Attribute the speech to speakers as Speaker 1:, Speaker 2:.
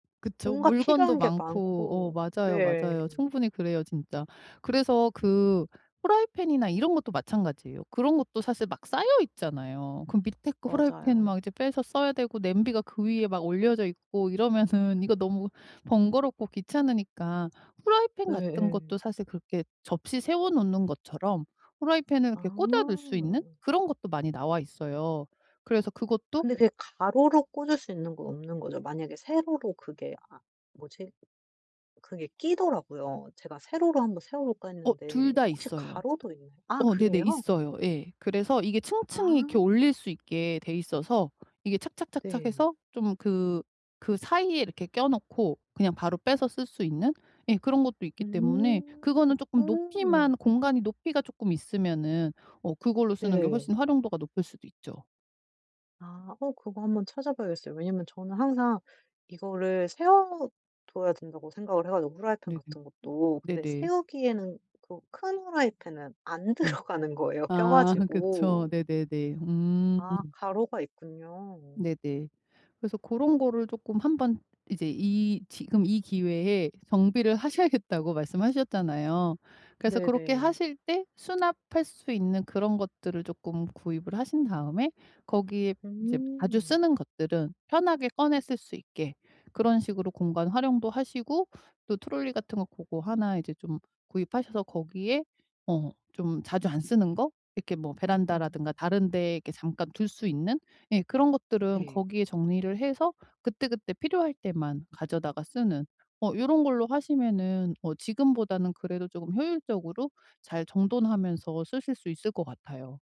Speaker 1: 그쵸.
Speaker 2: 뭔가
Speaker 1: 물건도
Speaker 2: 필요한 게
Speaker 1: 많고 어
Speaker 2: 많고.
Speaker 1: 맞아요,
Speaker 2: 네.
Speaker 1: 맞아요. 충분히 그래요 진짜. 그래서 그 프라이팬이나 이런 것도 마찬가지예요. 그런 것도 사실 막 쌓여있잖아요. 그 밑에 거 프라이팬 이제
Speaker 2: 맞아요.
Speaker 1: 막 빼서 써야 되고 냄비가 그 위에 막 올려져 있고 이러면은 이거 너무 번거롭고 귀찮으니까 프라이팬
Speaker 2: 네.
Speaker 1: 같은 것도
Speaker 2: 예.
Speaker 1: 사실 그렇게 접시 세워 놓는 것처럼 프라이팬을
Speaker 2: 아.
Speaker 1: 이렇게 꽂아 둘 수 있는 그런 것도 많이 나와 있어요. 그래서 그것도
Speaker 2: 근데 그게 가로로 꽂을 수 있는 건 없는 거죠? 만약에 세로로 그게 아 뭐지? 그게 끼더라고요. 제가 세로로 한번 세워볼까
Speaker 1: 어
Speaker 2: 했는데
Speaker 1: 둘 다
Speaker 2: 혹시
Speaker 1: 있어요.
Speaker 2: 가로도 있나 아
Speaker 1: 어 네네
Speaker 2: 그래요?
Speaker 1: 있어요. 예. 그래서 이게
Speaker 2: 아.
Speaker 1: 층층이 이렇게 올릴 수 있게 돼 있어서 이게 착착착착
Speaker 2: 네.
Speaker 1: 해서 좀 그 그사이에 이렇게 껴놓고 그냥 바로 빼서 쓸 수 있는 예 그런 것도 있기 때문에
Speaker 2: 음.
Speaker 1: 그거는 조금 높이만
Speaker 2: 음.
Speaker 1: 공간이 높이가 쪼끔 있으면은 어 그걸로 쓰는 게
Speaker 2: 네.
Speaker 1: 훨씬 활용도가 높을 수도 있죠.
Speaker 2: 아 어 그거 한번 찾아봐야겠어요. 왜냐하면 저는 항상 이거를 세워둬야 된다고 생각을 해 가지고. 프라이팬
Speaker 1: 네네. 음.
Speaker 2: 같은 것도. 근데
Speaker 1: 네네.
Speaker 2: 세우기에는 그 큰 프라이팬은 안
Speaker 1: 네.
Speaker 2: 들어가는 거예요 껴
Speaker 1: 아 그니까 그쵸.
Speaker 2: 가지고.
Speaker 1: 네네네. 음.
Speaker 2: 아 가로가 있군요.
Speaker 1: 네네. 그래서 고런 거를 쪼끔 한번 이제 이 지금 이 기회에 정비를 하셔야겠다고 말씀하셨잖아요. 그래서 그렇게
Speaker 2: 네네.
Speaker 1: 하실 때 수납할 수 있는 그런 것들을 쪼끔 구입을 하신 다음에 거기에 이제 자주
Speaker 2: 음.
Speaker 1: 쓰는 것들은 편하게 꺼내 쓸 수 있게 그런 식으로 공간 활용도 하시고 또 트롤리 같은 거 고거 하나 이제 좀 구입하셔서 거기에 어 좀 자주 안 쓰는 거 이렇게 뭐
Speaker 2: 음.
Speaker 1: 베란다라든가 다른 데 이렇게 잠깐 둘 수 있는 예 그런 것들은
Speaker 2: 네.
Speaker 1: 거기에 정리를 해서 그때그때 필요할 때만 가져다가 쓰는 어 요런 걸로 하시면은 어 지금보다는 그래도 조금 효율적으로 잘 정돈하면서 쓰실 수 있을 것 같아요.